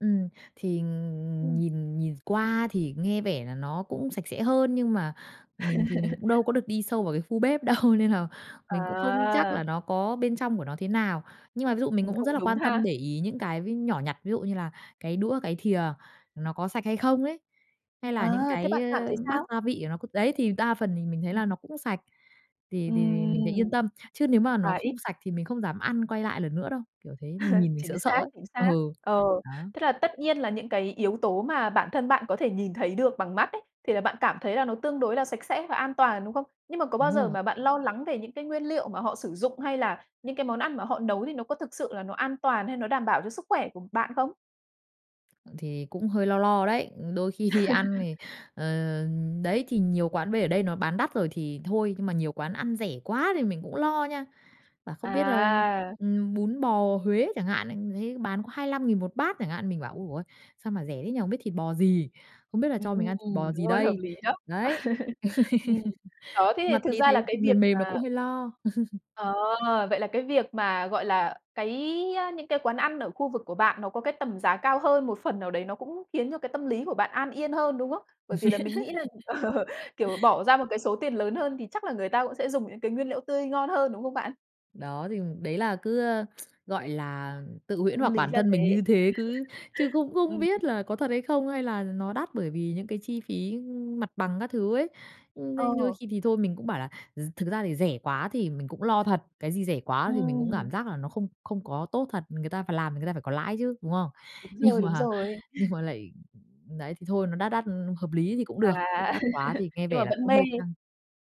Ừm, thì Ừm. nhìn nhìn qua thì nghe vẻ là nó cũng sạch sẽ hơn nhưng mà mình thì mình cũng đâu có được đi sâu vào cái khu bếp đâu, nên là mình cũng không chắc là À! nó có bên trong của nó thế nào. Nhưng mà ví dụ mình Ừm, cũng rất cũng là đúng quan ha! tâm, để ý những cái vi nhỏ nhặt, ví dụ như là cái đũa, cái thìa nó có sạch hay không ấy, hay là những À! Thế cái bạn cảm thấy bát sao? gia vị của nó c đấy, thì đa phần thì mình thấy là nó cũng sạch, thì thì mình thấy Ừm. yên tâm. Chứ nếu mà nó À, không ít. sạch thì mình không dám ăn, quay lại lần nữa đâu, kiểu thế, mình nhìn mình Chính sợ sợ xác, ấy. chính xác. Ừ, Ờ. đó. Thế là tất nhiên là những cái yếu tố mà bản thân bạn có thể nhìn thấy được bằng mắt ấy, thì là bạn cảm thấy là nó tương đối là sạch sẽ và an toàn, đúng không? Nhưng mà có bao Đúng giờ rồi. mà bạn lo lắng về những cái nguyên liệu mà họ sử dụng, hay là những cái món ăn mà họ nấu thì nó có thực sự là nó an toàn hay nó đảm bảo cho sức khỏe của bạn không? Ừ, thì cũng hơi lo lo đấy. Đôi khi đi ăn thì, ờ, đấy, thì nhiều quán bây ở đây nó bán đắt rồi thì thôi, nhưng mà nhiều quán ăn rẻ quá thì mình cũng lo nha. Bảo không biết là, À! ừm, bún bò Huế chẳng hạn, lại thấy bán có 25.000 1 bát chẳng hạn, mình bảo: "Ồ ôi! Sao mà rẻ thế nhỉ? Không biết thịt bò gì, không biết là Ừm, cho mình ăn thịt bò đúng gì rồi, hợp đây?" lý đó. Đấy. Ừm. Đó, thế thì Mặt thực thấy ra là thấy cái việc mềm mềm là mà cũng hơi lo. Ờ. Vậy là cái việc mà, gọi là, cái những cái quán ăn ở khu vực của bạn nó có cái tầm giá cao hơn, một phần nào đấy nó cũng khiến cho cái tâm lý của bạn an yên hơn, đúng không? Bởi vì là mình nghĩ là, ờ, kiểu, bỏ ra một cái số tiền lớn hơn thì chắc là người ta cũng sẽ dùng những cái nguyên liệu tươi ngon hơn, đúng không bạn? Đó, thì đấy là cứ, ơ, gọi là, tự huyễn Âm hoặc lý bản là thân mình thế. như thế cứ chứ cũng không Ừm. biết là có thật hay không, hay là nó đắt bởi vì những cái chi phí mặt bằng các thứ ấy. Ừ, đấy, đôi Ờ. khi thì thôi mình cũng bảo là r thực ra thì rẻ quá thì mình cũng lo thật, cái gì rẻ quá thì mình cũng Ừm. cảm giác là nó không không có tốt thật, người ta phải làm thì người ta phải có lãi chứ, đúng không? Đúng Nhưng rồi, đúng mà rồi. nhưng mà lại đấy, thì thôi, nó đắt đắt hợp lý thì cũng được, chứ À, đắt quá thì nghe nhưng vẻ mà là vẫn cũng mê hơi căng.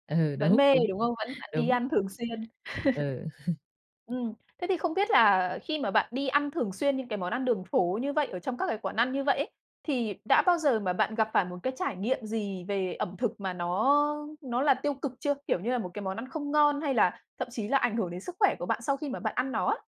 Ừ, vẫn đúng, mê, đúng, đúng không? Vẫn vẫn đi đúng. ăn thường xuyên. Ừ. Ừm. Thế thì không biết là khi mà bạn đi ăn thường xuyên những cái món ăn đường phố như vậy ở trong các cái quán ăn như vậy ấy, thì đã bao giờ mà bạn gặp phải một cái trải nghiệm gì về ẩm thực mà nó nó là tiêu cực chưa? Kiểu như là một cái món ăn không ngon, hay là thậm chí là ảnh hưởng đến sức khỏe của bạn sau khi mà bạn ăn nó á.